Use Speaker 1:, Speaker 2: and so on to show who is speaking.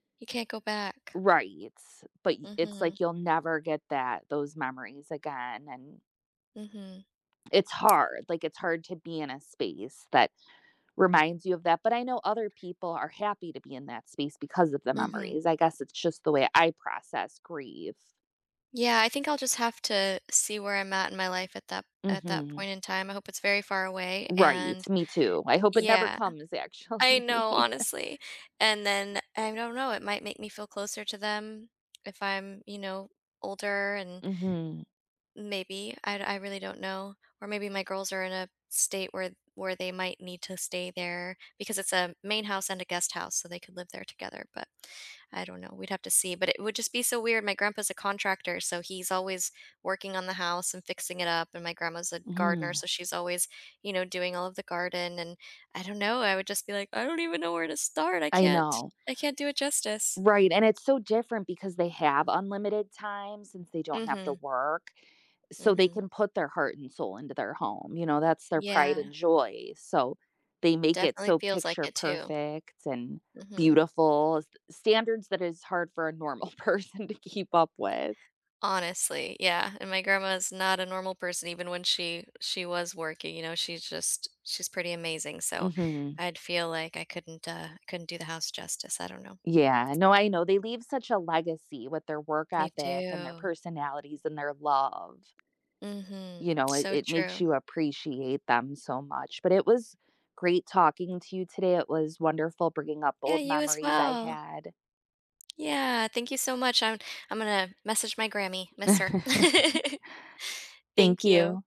Speaker 1: You can't go back.
Speaker 2: Right, but y it's,
Speaker 1: Mhm.
Speaker 2: like, you'll never get that those memories again and.
Speaker 1: Mhm.
Speaker 2: It's hard, like, it's hard to be in a space that reminds you of that, but I know other people are happy to be in that space because of the
Speaker 1: Mhm.
Speaker 2: memories, I guess it's just the way I process grief.
Speaker 1: Yeah, I think I'll just have to see where I'm at in my life at that at that
Speaker 2: Mhm.
Speaker 1: point in time. I hope it's very far away
Speaker 2: Right,
Speaker 1: and
Speaker 2: me too, I hope it never
Speaker 1: Yeah.
Speaker 2: comes
Speaker 1: I know,
Speaker 2: actually.
Speaker 1: honestly, and then, I don't know, it might make me feel closer to them if I'm, you know, older and
Speaker 2: Mhm.
Speaker 1: Maybe, I I really don't know. Or maybe my girls are in a state where where they might need to stay there because it's a main house and a guest house so they could live there together, but I don't know, we'd have to see, but it would just be so weird, my grandpa's a contractor, so he's always working on the house and fixing it up and my grandma's a gardener,
Speaker 2: Mm.
Speaker 1: so she's always, you know, doing all of the garden and, I don't know, I would just be like, "I don't even know where to start, I
Speaker 2: I
Speaker 1: can't
Speaker 2: know.
Speaker 1: I can't do it justice."
Speaker 2: Right, and it's so different because they have unlimited time since they don't have to
Speaker 1: Mhm.
Speaker 2: work, so they
Speaker 1: Mhm.
Speaker 2: can put their heart and soul into their home, you know, that's their pride
Speaker 1: Yeah.
Speaker 2: and joy, so they make it
Speaker 1: Definitely
Speaker 2: so
Speaker 1: feels like
Speaker 2: picture
Speaker 1: it too.
Speaker 2: perfect and
Speaker 1: Mhm.
Speaker 2: beautiful, s standards that is hard for a normal person to keep up with.
Speaker 1: Honestly, yeah, and my grandma is not a normal person even when she she was working, you know, she's just she's pretty amazing, so
Speaker 2: Mhm.
Speaker 1: I'd feel like I couldn't, uh, I couldn't do the house justice, I don't know.
Speaker 2: Yeah, no, I know, they leave such a legacy with their work
Speaker 1: They
Speaker 2: ethic and their
Speaker 1: do.
Speaker 2: personalities and their love.
Speaker 1: Mhm,
Speaker 2: You know, it
Speaker 1: so
Speaker 2: it makes
Speaker 1: true.
Speaker 2: you appreciate them so much, but it was great talking to you today, it was wonderful bringing up
Speaker 1: Yeah,
Speaker 2: old
Speaker 1: you as
Speaker 2: memories I
Speaker 1: well.
Speaker 2: had.
Speaker 1: Yeah, thank you so much, I'm I'm gonna message my Grammy, miss her.
Speaker 2: Thank
Speaker 1: Thank you.
Speaker 2: you.